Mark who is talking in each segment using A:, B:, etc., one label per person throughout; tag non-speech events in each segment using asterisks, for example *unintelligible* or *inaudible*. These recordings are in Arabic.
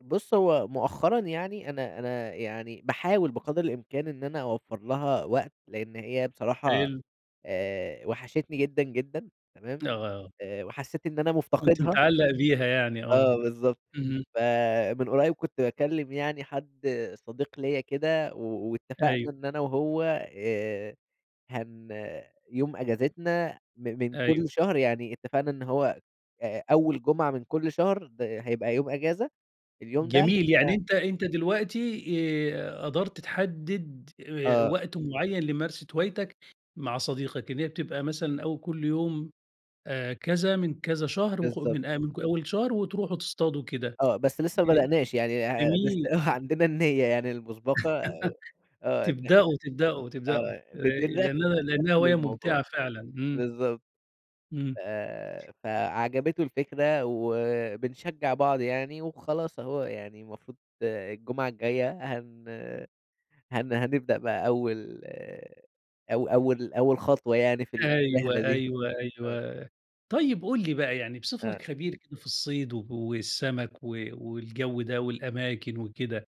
A: بُص هو مؤخرا يعني أنا أنا يعني، باحاول بقدر الإمكان إن أنا أوفّر لها وقت، لإن هي بصراحة،
B: حلو.
A: آآ وحشتني جدًا، جدًا، تمام؟
B: آه.
A: آآ وحسّيت إن أنا
B: كنت
A: مُفتقدها
B: متعلّق بيها يعني آه،
A: آه، بالضبط
B: اهم.
A: فمن قريّب كنت باكلّم يعني حد صديق ليّا كده، و واتفقنا
B: أيوه.
A: إن أنا وهو آآ هن يوم إجازتنا من من كلّ
B: أيوه.
A: شهر، يعني اتفقنا إن هو آآ أول جمعة من كلّ شهر، د هيبقى يوم إجازة، اليوم ده إحنا
B: جميل يعني أنت أنت دلوقتي، آآ قدرت تحدّد آآ
A: آه.
B: وقت معين لممارسة هوايتك مع صديقك، إن هي بتبقى مثلًا أو كلّ يوم، آآ كذا من كذا شهر وخ
A: بالضبط.
B: من من أول شهر وتروحوا تصطادوا كده،
A: آه بس لسّه
B: ج
A: ما بدأناش، يعني آآ، بس
B: جميل.
A: آه
B: *unintelligible*
A: عندنا النيّة يعني المُسبقة
B: *laughs*
A: آه، إن إحنا
B: تبدأوا، تبدأوا، تبدأوا،
A: آه بن
B: آآ
A: بنرتّب
B: لأنها لأنها
A: بنرتّب
B: هواية
A: للموضوع،
B: مُمتعة فعلًا إمم.
A: بالضبط،
B: إمم.
A: آآ فعجبته الفكرة، وبنشجّع بعض يعني، وخلاص أهو يعني المفروض الجمعة الجاية هن هن هنبدأ بقى أول أو أول أول خطوة يعني في ال في الرحلة
B: أيوه،
A: دي.
B: أيوه،
A: آه.
B: أيوه، طيب قُل لي بقى يعني
A: آه.
B: بصفتك خبير كده في الصيد والسَمَك و والجو ده والأماكن وكده،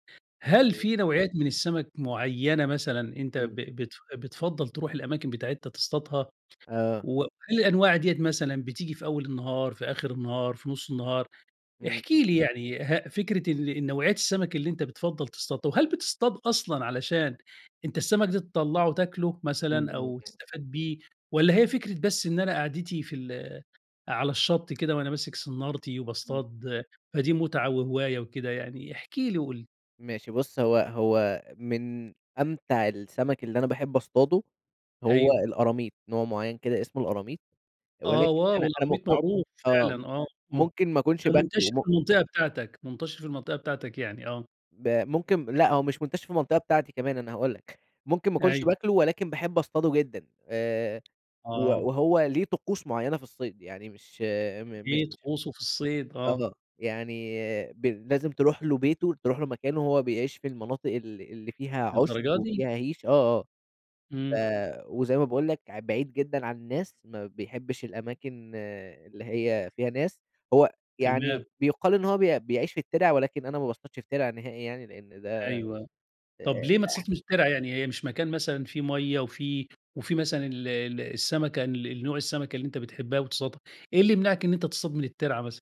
B: هل
A: *unintelligible*
B: في نوعيات من السَمَك معيّنة مثلًا أنت ب
A: إمم.
B: بتف بتفضّل تروح الأماكن بتاعتها تصطادها؟
A: آه.
B: وهل الأنواع ديّة مثلًا بتيجي في أول النهار، في آخر النهار في نُص النهار؟
A: إمم،
B: احكِ
A: امم.
B: لي يعني ه فكرة ال النوعيات السَمَك اللي أنت بتفضّل تصطادها، وهل بتصطاد أصلًا علشان أنت السَمَك دي تطلّعه تاكله
A: إمم،
B: مثلًا
A: إمم،
B: أو
A: إمم.
B: تستفاد بيه، والّا هي فكرة بس إن أنا قعدتي في ال على الشط كده، وأنا ماسك صنارتي
A: إمم.
B: وباصطاد، فدي متعة وهواية وكده يعني؟ احكِ لي وقُل لي.
A: ماشي بُص هو هو من أمتع السَمَك اللي أنا باحب اصطاده، هو
B: أيوه.
A: القراميط، نوع معيّن كده اسمه القراميط،
B: آه
A: ولكن
B: wow
A: أنا أنا م
B: القراميط
A: م
B: معروف
A: آه،
B: فعلًا آه، آه،
A: ممكن ما أكُونش
B: ده
A: باكله،
B: مُنتشر
A: م
B: في المنطقة بتاعتك، منتشر في المنطقة بتاعتك يعني آه.
A: ب ممكن لأ هو مش منتشر في المنطقة بتاعتي كمان أنا هاقول لك، ممكن ما أكونش
B: أيوه.
A: باكله ولكن باحب اصطاده جدًا، آآ و
B: آه.
A: وهو ليه طقوس معيّنة في الصيد، يعني مش م مش
B: إيه طقوسه في الصيد آه؟
A: آه، يعني ب لازم تروح له بيته، تروح له مكانه هو بيعيش في المناطق اللي اللي فيها عُشب،
B: للدرجة دي؟
A: وفيها هِيش، آه، آه، ف
B: إمم.
A: وزي ما باقول لك ع بعيد جدًا عن الناس، ما بيحبش الأماكن اللي هي فيها ناس، هو يعني
B: تمام.
A: بيُقال إن هو بي بيعيش في التِرَع، ولكن أنا ما باصطادش في تِرَع نهائي يعني، لإن ده
B: أيوه، طب
A: آآ
B: ليه ما تصطادش من
A: اح
B: الترعة يعني هي مش مكان مثلًا فيه مَيَّه وفي وفي مثلًا ال ال السَمَكة ال نوع السَمَكة اللي أنت بتحبها وتصطادها؟ إيه اللي يمنعك إن أنت تصطاد من الترعة مثلًا؟